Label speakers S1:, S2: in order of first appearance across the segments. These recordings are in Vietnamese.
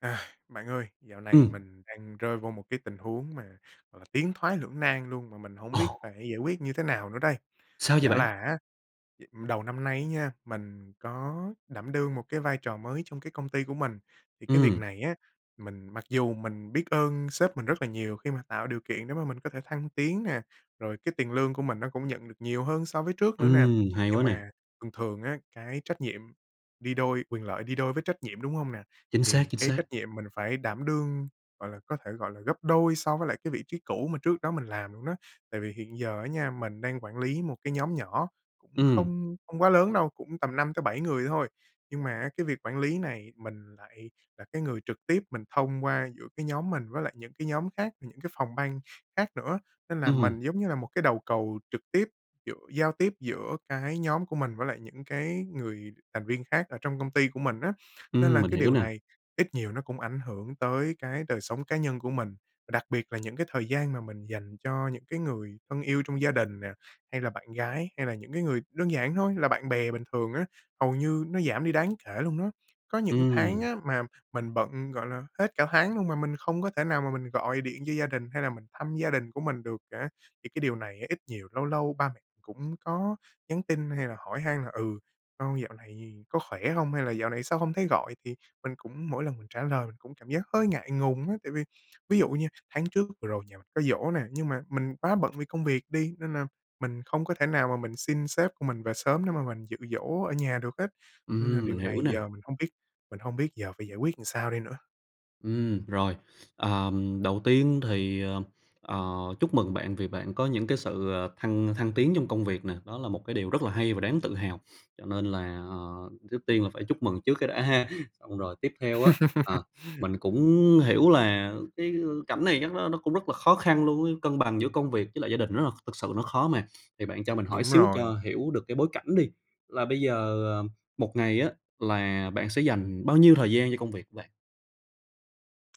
S1: À, bạn ơi, dạo này
S2: Ừm.
S1: mình đang rơi vô một cái tình huống mà, gọi là, tiến thoái lưỡng nan luôn mà mình hổng
S2: Ồ!
S1: biết phải giải quyết như thế nào nữa đây.
S2: Sao vậy
S1: Chả
S2: bạn?
S1: là á, đầu năm nay á nha, mình có đảm đương một cái vai trò mới trong cái công ty của mình. Thì cái việc
S2: Ừm.
S1: này á, mình mặc dù mình biết ơn sếp mình rất là nhiều khi mà tạo điều kiện để mà mình có thể thăng tiến nè, rồi cái tiền lương của mình nó cũng nhận được nhiều hơn so với trước nữa nè.
S2: Ừm, hay quá
S1: Nhưng
S2: nè.
S1: mà thường thường á, cái trách nhiệm đi đôi quyền lợi đi đôi với trách nhiệm, đúng hông nè?
S2: Chính xác,
S1: Thì
S2: chính
S1: cái
S2: xác.
S1: trách nhiệm mình phải đảm đương, gọi là, có thể gọi là gấp đôi so với lại cái vị trí cũ mà trước đó mình làm luôn đó. Tại vì hiện giờ á nha, mình đang quản lý một cái nhóm nhỏ cũng
S2: Ừm.
S1: không không quá lớn đâu, cũng tầm 5 tới 7 người thôi. Nhưng mà á, cái việc quản lý này mình lại là cái người trực tiếp mình thông qua giữa cái nhóm mình với lại những cái nhóm khác, những cái phòng ban khác nữa. Nên là
S2: Ừm.
S1: mình giống như là một cái đầu cầu trực tiếp giữa giao tiếp giữa cái nhóm của mình với lại những cái người thành viên khác ở trong công ty của mình á. Nên
S2: Ừm,
S1: là
S2: mình
S1: cái
S2: hiểu
S1: điều
S2: nè.
S1: này ít nhiều nó cũng ảnh hưởng tới cái đời sống cá nhân của mình, và đặc biệt là những cái thời gian mà mình dành cho những cái người thân yêu trong gia đình nè, hay là bạn gái, hay là những cái người đơn giản thôi là bạn bè bình thường á, hầu như nó giảm đi đáng kể luôn đó. Có những tháng
S2: Ừm.
S1: á mà mình bận, gọi là, hết cả tháng luôn mà mình không có thể nào mà mình gọi điện cho gia đình hay là mình thăm gia đình của mình được cả. Thì cái điều này á, ít nhiều lâu lâu ba mẹ cũng có nhắn tin hay là hỏi han là "Ừ, con dạo này có khỏe hông hay là dạo này sao hông thấy gọi?". Thì mình cũng mỗi lần mình trả lời mình cũng cảm giác hơi ngại ngùng á, tại vì ví dụ nha, tháng trước vừa rồi nhà mình có giỗ nè, nhưng mà mình quá bận vì công việc đi, nên là mình không có thể nào mà mình xin sếp của mình về sớm để mà mình dự giỗ ở nhà được hết. Nên là
S2: Ừm, mình
S1: điều
S2: hiểu
S1: này
S2: nè.
S1: giờ mình hông biết mình hông biết giờ phải giải quyết sao đây nữa?
S2: Ừm, rồi. Ờm, đầu tiên thì, ờ, ờ, chúc mừng bạn vì bạn có những cái sự, ờ, thăng thăng tiến trong công việc nè, đó là một cái điều rất là hay và đáng tự hào. Cho nên là, ờ, trước tiên là phải chúc mừng trước cái đã ha! Xong rồi tiếp theo á, ờ, mình cũng hiểu là cái, ư, cảnh này chắc nó nó cũng rất là khó khăn luôn ấy, cân bằng giữa công việc với lại gia đình rất là thực sự nó khó mà. Thì bạn cho mình hỏi
S1: Đúng
S2: xíu cho
S1: rồi.
S2: hiểu được cái bối cảnh đi, là bây giờ, ờ, 1 ngày á là bạn sẽ dành bao nhiêu thời gian cho công việc của bạn?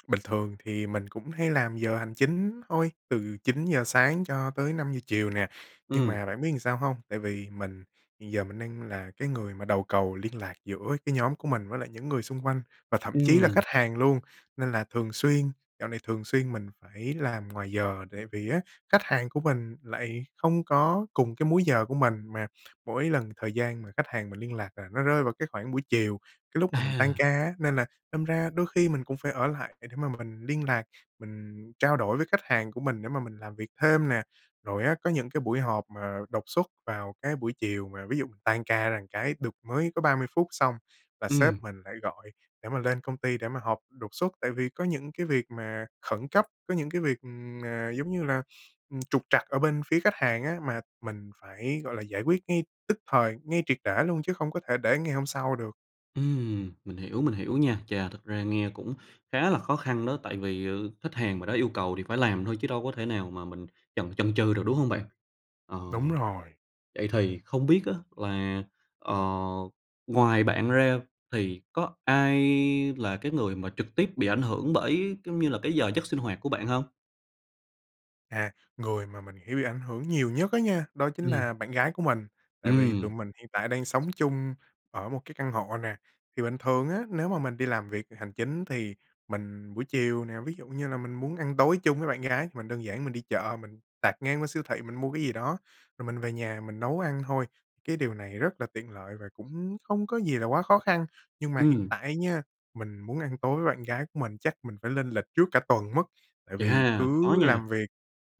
S1: Bình thường thì mình cũng hay làm giờ hành chính thôi, từ 9:00 sáng cho tới 5:00 chiều nè. Nhưng
S2: Ừm.
S1: mà bạn biết sao hông? Tại vì mình hiện giờ mình đang là cái người mà đầu cầu liên lạc giữa cái nhóm của mình với lại những người xung quanh và thậm chí là
S2: Ừm.
S1: khách hàng luôn, nên là thường xuyên dạo này thường xuyên mình phải làm ngoài giờ. Tại vì á, khách hàng của mình lại không có cùng cái múi giờ của mình. Mà mỗi lần thời gian mà khách hàng mình liên lạc là nó rơi vào cái khoảng buổi chiều, cái lúc mà mình tan
S2: À!
S1: ca á, nên là đâm ra đôi khi mình cũng phải ở lại để để mà mình liên lạc, mình trao đổi với khách hàng của mình để mà mình làm việc thêm nè. Rồi á có những cái buổi họp mà đột xuất vào cái buổi chiều mà, ví dụ, tan ca ra cái được mới có 30 phút xong là sếp
S2: Ừm.
S1: mình lại gọi để mà lên công ty để mà họp đột xuất. Tại vì có những cái việc mà khẩn cấp, có những cái việc, ừm, mà giống như là, ừm, trục trặc ở bên phía khách hàng á, mà mình phải, gọi là, giải quyết ngay tức thời, ngay triệt để luôn chứ không có thể để ngày hôm sau được.
S2: Ừm, mình hiểu, mình hiểu nha. Chà, thật ra nghe cũng khá là khó khăn đó. Tại vì, ờ, khách hàng mà đã yêu cầu thì phải làm thôi chứ đâu có thể nào mà mình chần chần chừ được, đúng hông bạn? Ờ,
S1: Đúng rồi.
S2: vậy thì không biết á, là, ờ, ngoài bạn ra thì có ai là cái người mà trực tiếp bị ảnh hưởng bởi, giống như là, cái giờ giấc sinh hoạt của bạn hông?
S1: À, người mà mình hiểu bị ảnh hưởng nhiều nhất á nha, đó chính
S2: Ừm.
S1: là bạn gái của mình. Tại vì tụi
S2: Ừm.
S1: mình hiện tại đang sống chung ở một cái căn hộ nè. Thì bình thường á, nếu mà mình đi làm việc hành chính thì mình buổi chiều nè, ví dụ như là mình muốn ăn tối chung với bạn gái thì mình đơn giản mình đi chợ, mình tạt ngang qua siêu thị mình mua cái gì đó, rồi mình về nhà mình nấu ăn thôi, cái điều này rất là tiện lợi và cũng hông có gì là quá khó khăn. Nhưng mà hiện
S2: Ừm.
S1: tại á nha, mình muốn ăn tối với bạn gái của mình chắc mình phải lên lịch trước cả tuần mất. Tại vì
S2: Chà, khó
S1: cứ
S2: nha!
S1: làm việc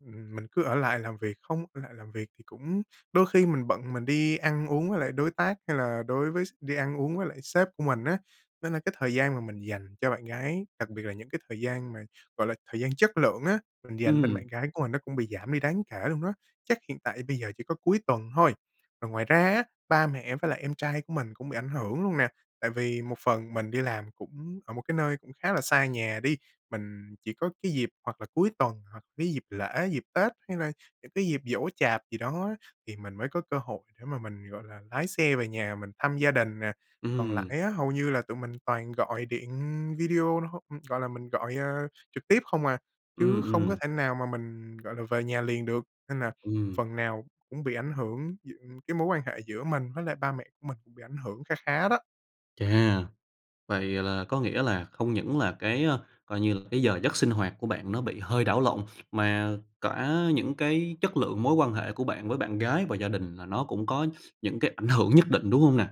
S1: ừm, mình cứ ở lại làm việc không ở lại làm việc thì cũng đôi khi mình bận mình đi ăn uống với lại đối tác hay là đối với s đi ăn uống với lại sếp của mình á. Nên là cái thời gian mà mình dành cho bạn gái, đặc biệt là những cái thời gian mà, gọi là, thời gian chất lượng á, mình dành bên
S2: Ừm.
S1: bạn gái của mình nó cũng bị giảm đi đáng kể luôn đó, chắc hiện tại bây giờ chỉ có cuối tuần thôi. Còn ngoài ra á, ba mẹ với lại em trai của mình cũng bị ảnh hưởng luôn nè. Tại vì một phần mình đi làm cũng ở một cái nơi cũng khá là xa nhà đi. Mình chỉ có cái dịp hoặc là cuối tuần hoặc cái dịp lễ, dịp Tết hay là những cái dịp giỗ chạp gì đó á, thì mình mới có cơ hội để mà mình, gọi là, lái xe về nhà mình thăm gia đình nè. Còn
S2: Ừm.
S1: lại á, hầu như là tụi mình toàn gọi điện video hô gọi là, mình, ơ, gọi trực tiếp không à, chứ
S2: Ừm,
S1: không có
S2: ừm.
S1: thể nào mà mình, gọi là, về nhà liền được. Nên là
S2: Ừm.
S1: phần nào cũng bị ảnh hưởng gi cái mối quan hệ giữa mình với lại ba mẹ của mình cũng bị ảnh hưởng kha khá đó.
S2: Chà! Vậy là có nghĩa là không những là cái, ơ, coi như là, cái giờ giấc sinh hoạt của bạn nó bị hơi đảo lộn, mà cả những cái chất lượng mối quan hệ của bạn với bạn gái và gia đình là nó cũng có những cái ảnh hưởng nhất định, đúng hông nè?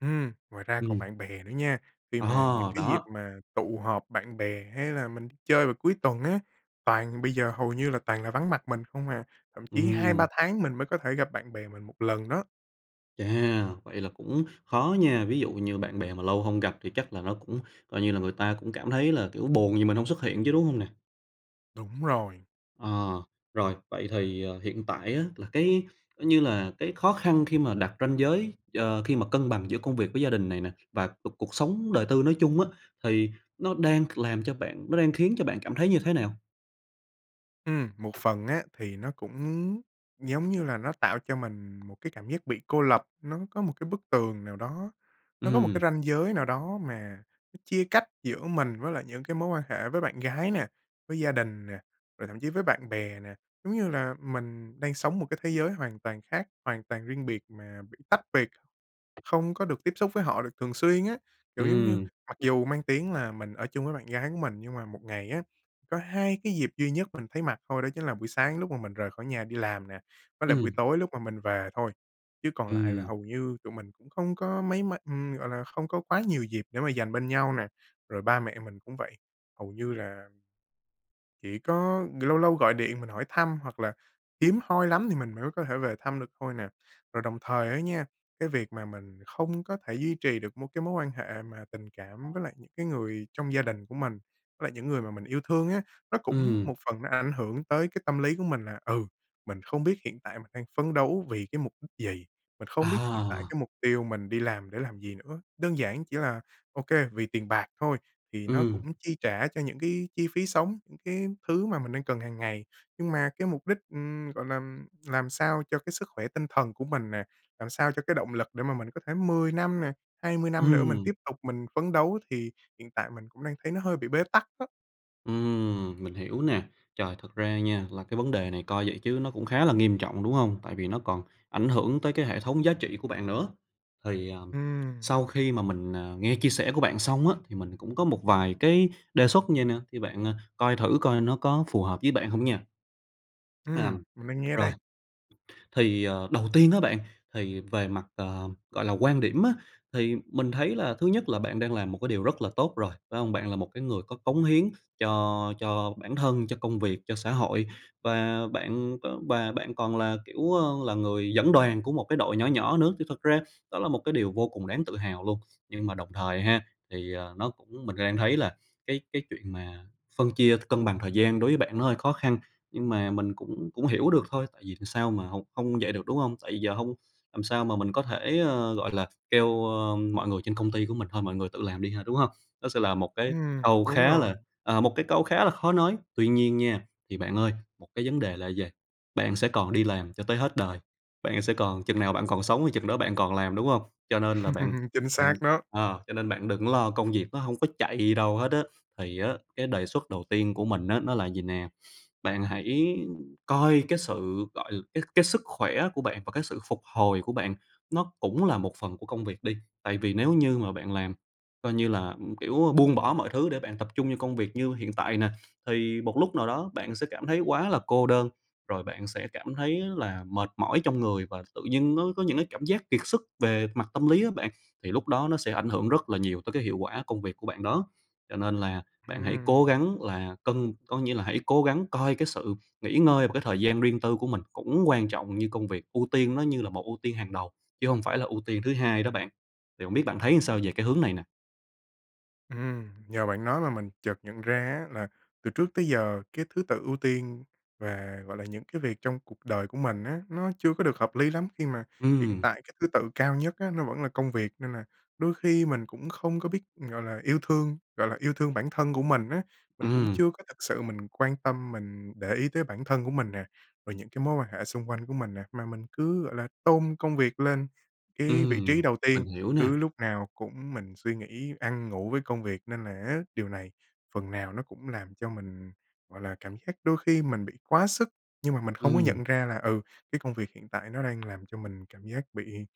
S1: Ừm, ngoài ra còn
S2: Ừm.
S1: bạn bè nữa nha. Khi
S2: Ờ,
S1: mà những cái dịp
S2: đó.
S1: mà tụ họp bạn bè hay là mình chơi vào cuối tuần á, toàn bây giờ hầu như là toàn là vắng mặt mình không à. Thậm chí 2-3
S2: Ừm.
S1: tháng mình mới có thể gặp bạn bè mình 1 lần đó.
S2: Chà! Vậy là cũng khó nha. Ví dụ như bạn bè mà lâu hông gặp thì chắc là nó cũng coi như là người ta cũng cảm thấy là, kiểu, buồn vì mình hông xuất hiện chứ, đúng hông nè?
S1: Đúng rồi.
S2: Ờ. Rồi, vậy thì, ờ, hiện tại á, là cái như là cái khó khăn khi mà đặt ranh giới, ờ, khi mà cân bằng giữa công việc với gia đình này nè, và cuộc cuộc sống đời tư nói chung á, thì nó đang c làm cho bạn nó đang khiến cho bạn cảm thấy như thế nào?
S1: Ừm, một phần á thì nó cũng giống như là nó tạo cho mình một cái cảm giác bị cô lập. Nó có một cái bức tường nào đó, nó có một
S2: Ừm.
S1: cái ranh giới nào đó mà nó chia cách giữa mình với lại những cái mối quan hệ với bạn gái nè, với gia đình nè, rồi thậm chí với bạn bè nè. Giống như là mình đang sống một cái thế giới hoàn toàn khác, hoàn toàn riêng biệt mà bị tách biệt, không có được tiếp xúc với họ được thường xuyên á. Kiểu giống như
S2: Ừm.
S1: mặc dù mang tiếng là mình ở chung với bạn gái của mình, nhưng mà 1 ngày á, có 2 cái dịp duy nhất mình thấy mặt thôi, đó chính là buổi sáng lúc mà mình rời khỏi nhà đi làm nè, với lại buổi
S2: Ừm.
S1: tối lúc mà mình về thôi, chứ còn lại là
S2: Ừm.
S1: hầu như tụi mình cũng không có mấy ma ừm, gọi là, không có quá nhiều dịp để mà dành bên nhau nè. Rồi ba mẹ mình cũng vậy, hầu như là chỉ có lâu lâu gọi điện mình hỏi thăm, hoặc là hiếm hoi lắm thì mình mới có thể về thăm được thôi nè. Rồi đồng thời á nha, cái việc mà mình không có thể duy trì được mối cái mối quan hệ mà tình cảm với lại những cái người trong gia đình của mình, với lại những người mà mình yêu thương á, nó cũng
S2: Ừm.
S1: một phần nó ảnh hưởng tới cái tâm lý của mình là, ừ, mình không biết hiện tại mình đang phấn đấu vì cái mục đích gì. Mình không biết hiện tại
S2: À!
S1: cái mục tiêu mình đi làm để làm gì nữa. Đơn giản chỉ là OK, vì tiền bạc thôi, thì nó
S2: Ừm.
S1: cũng chi trả cho những cái chi phí sống, những cái thứ mà mình đang cần hàng ngày. Nhưng mà cái mục đích, ừm, gọi là, ừm, làm sao cho cái sức khỏe tinh thần của mình nè, làm sao cho cái động lực để mà mình có thể 10 năm nè, 20 năm nữa mình
S2: Ừm.
S1: tiếp tục mình phấn đấu, thì hiện tại mình cũng đang thấy nó hơi bị bế tắc á.
S2: Ừm, mình hiểu nè. Trời! Thật ra nha, là cái vấn đề này coi vậy chứ nó cũng khá là nghiêm trọng, đúng hông? Tại vì nó còn ảnh hưởng tới cái hệ thống giá trị của bạn nữa. Thì, à,
S1: Ừm.
S2: sau khi mà mình, à, nghe chia sẻ của bạn xong á, thì mình cũng có một vài cái đề xuất vậy nè, thì bạn, à, coi thử coi nó có phù hợp với bạn hông nha.
S1: Ừm,
S2: Ờm,
S1: mình đang nghe
S2: rồi,
S1: đây.
S2: thì, ờ, đầu tiên á bạn, thì về mặt, ờ, gọi là, quan điểm á, thì mình thấy là thứ nhất là bạn đang làm một cái điều rất là tốt rồi, phải hông? Bạn là một cái người có cống hiến cho cho bản thân, cho công việc, cho xã hội, và bạn v và bạn còn là, kiểu, ờ, là người dẫn đoàn của một cái đội nhỏ nhỏ nữa, thì thật ra đó là một cái điều vô cùng đáng tự hào luôn. Nhưng mà đồng thời ha, thì, à, nó cũng mình đang thấy là cái cái chuyện mà phân chia cân bằng thời gian đối với bạn nó hơi khó khăn. Nhưng mà mình cũng cũng hiểu được thôi, tại vì sao mà hông hông vậy được, đúng hông? Tại vì giờ hông làm sao mà mình có thể, ờ, gọi là, kêu, ờ, mọi người trên công ty của mình "Thôi, mọi người tự làm đi ha", đúng hông? Nó sẽ là một cái
S1: Ừm,
S2: câu
S1: đúng
S2: khá
S1: rồi.
S2: là, à, một cái câu khá là khó nói. Tuy nhiên nha, thì bạn ơi, một cái vấn đề là vầy, bạn sẽ còn đi làm cho tới hết đời, bạn sẽ còn chừng nào bạn còn sống thì chừng đó bạn còn làm, đúng hông? Cho nên là bạn
S1: Chính
S2: bạn
S1: xác đó!
S2: ờ, cho nên bạn đừng lo, công việc nó hông có chạy đi đâu hết á. Thì á cái đề xuất đầu tiên của mình á nó là vầy nè, bạn hãy coi cái sự gọi l cái cái sức khỏe của bạn và cái sự phục hồi của bạn nó cũng là một phần của công việc đi. Tại vì nếu như mà bạn làm coi như là, ừm, kiểu, buông bỏ mọi thứ để bạn tập trung cho công việc như hiện tại nè, thì một lúc nào đó bạn sẽ cảm thấy quá là cô đơn, rồi bạn sẽ cảm thấy là mệt mỏi trong người và tự dưng nó có những cái cảm giác kiệt sức về mặt tâm lý á bạn, thì lúc đó nó sẽ ảnh hưởng rất là nhiều tới cái hiệu quả công việc của bạn đó. Cho nên là bạn hãy cố
S1: Ừm.
S2: gắng là cân có nghĩa là hãy cố gắng coi cái sự nghỉ ngơi và cái thời gian riêng tư của mình cũng quan trọng như công việc, ưu tiên nó như là một ưu tiên hàng đầu, chứ hông phải là ưu tiên thứ hai đó bạn. Thì hổng biết bạn thấy làm sao về cái hướng này nè?
S1: Ừm, nhờ bạn nói mà mình chợt nhận ra á, là từ trước tới giờ cái thứ tự ưu tiên về gọi là, những cái việc trong cuộc đời của mình á, nó chưa có được hợp lý lắm khi mà hiện
S2: Ừm.
S1: tại cái thứ tự cao nhất á, nó vẫn là công việc nên là đôi khi mình cũng không có biết, gọi là, yêu thương, gọi là, yêu thương bản thân của mình á. Mình cũng
S2: Ừm.
S1: chưa có thực sự mình quan tâm, mình để ý tới bản thân của mình nè, rồi những cái mối quan hệ xung quanh của mình nè. Mà mình cứ, gọi là, tôn công việc lên cái vị trí
S2: Ừm,
S1: đầu tiên,
S2: mình hiểu
S1: cứ
S2: nè.
S1: lúc nào cũng mình suy nghĩ ăn ngủ với công việc nên là á, điều này phần nào nó cũng làm cho mình, gọi là, cảm giác đôi khi mình bị quá sức nhưng mà mình không có
S2: Ừm.
S1: nhận ra là, ừ, cái công việc hiện tại nó đang làm cho mình cảm giác bị,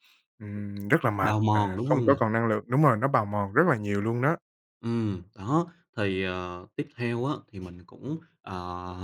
S1: ừm, rất là mệt
S2: Bào mòn,
S1: và
S2: đúng
S1: không
S2: hông nè?
S1: có còn năng lượng đúng rồi, nó bào mòn rất là nhiều luôn đó.
S2: Ừm, đó, thì, ờ, tiếp theo á, thì mình cũng, ờ,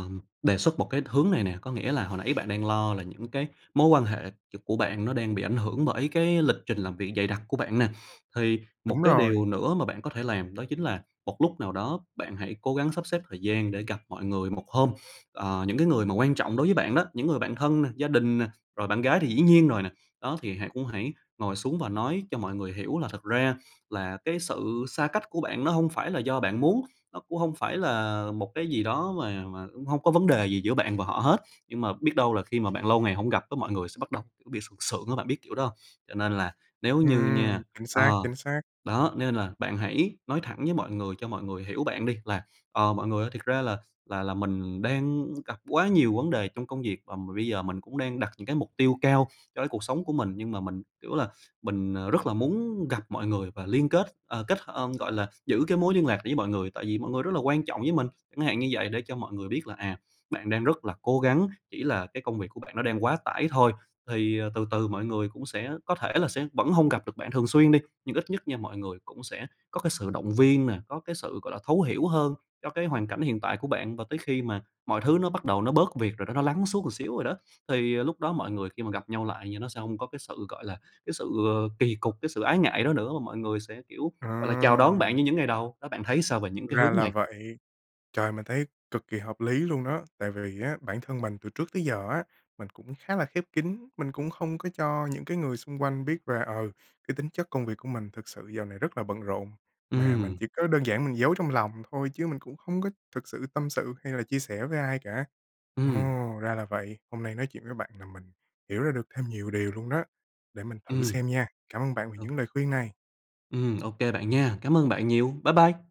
S2: đề xuất một cái hướng này nè, có nghĩa là hồi nãy bạn đang lo là những cái mối quan hệ c của bạn nó đang bị ảnh hưởng bởi cái lịch trình làm việc dày đặc của bạn nè. Thì một
S1: Đúng
S2: cái
S1: rồi.
S2: điều nữa mà bạn có thể làm đó chính là một lúc nào đó bạn hãy cố gắng sắp xếp thời gian để gặp mọi người một hôm. Ờ, những cái người mà quan trọng đối với bạn đó, những người bạn thân, gia đình nè, rồi bạn gái thì dĩ nhiên rồi nè. Đó thì hãy cũng hãy ngồi xuống và nói cho mọi người hiểu là thực ra là cái sự xa cách của bạn nó hông phải là do bạn muốn, nó cũng hông phải là một cái gì đó mà mà cũng hông có vấn đề gì giữa bạn và họ hết, nhưng mà biết đâu là khi mà bạn lâu ngày hông gặp cái mọi người sẽ bắt đầu, kiểu, bị sượng sượng á, bạn biết kiểu đó hông? Cho nên là nếu như
S1: Ừm,
S2: nha
S1: chính xác,
S2: ờ,
S1: chính xác.
S2: đó, nên là bạn hãy nói thẳng với mọi người cho mọi người hiểu bạn đi là "Ờ, mọi người ơi, thiệt ra là là là mình đang gặp quá nhiều vấn đề trong công việc và bây giờ mình cũng đang đặt những cái mục tiêu cao cho cái cuộc sống của mình nhưng mà mình, kiểu là, mình, ờ, rất là muốn gặp mọi người và liên kết ờ, kết hơ gọi là, giữ cái mối liên lạc với mọi người, tại vì mọi người rất là quan trọng với mình" chẳng hạn như vậy để cho mọi người biết là, à, bạn đang rất là cố gắng, chỉ là cái công việc của bạn nó đang quá tải thôi. Thì, ờ, từ từ mọi người cũng sẽ có thể là sẽ vẫn hông gặp được bạn thường xuyên đi, nhưng ít nhất nha mọi người cũng sẽ có cái sự động viên nè, có cái sự gọi là thấu hiểu hơn cho cái hoàn cảnh hiện tại của bạn và tới khi mà mọi thứ nó bắt đầu nó bớt việc rồi đó, nó lắng xuống một xíu rồi đó. Thì lúc đó mọi người khi mà gặp nhau lại nha, nó sẽ hông có cái sự, gọi là, cái sự kỳ cục, cái sự ái ngại đó nữa và mọi người sẽ, kiểu, gọi là, chào đón bạn
S1: Ờ.
S2: như những ngày đầu, đó bạn thấy sao về những cái
S1: Ra
S2: hướng
S1: là
S2: này?
S1: vậy. Trời, mình thấy cực kỳ hợp lý luôn đó. Tại vì á, bản thân mình từ trước tới giờ á, mình cũng khá là khép kín, mình cũng không có cho những cái người xung quanh biết là, ờ, cái tính chất công việc của mình thực sự dạo này rất là bận rộn, mà mình
S2: Ừm.
S1: chỉ có đơn giản mình giấu trong lòng thôi chứ mình cũng không có thực sự tâm sự hay là chia sẻ với ai cả. Ồ!
S2: Ừm.
S1: Ra là vậy, hôm nay nói chuyện với bạn làm mình hiểu ra được thêm nhiều điều luôn đó, để mình thử
S2: Ừm.
S1: xem nha. Cảm ơn bạn vì
S2: Ừ.
S1: những lời khuyên này.
S2: Ừm, ô kê bạn nha! Cám ơn bạn nhiều. Bye bye.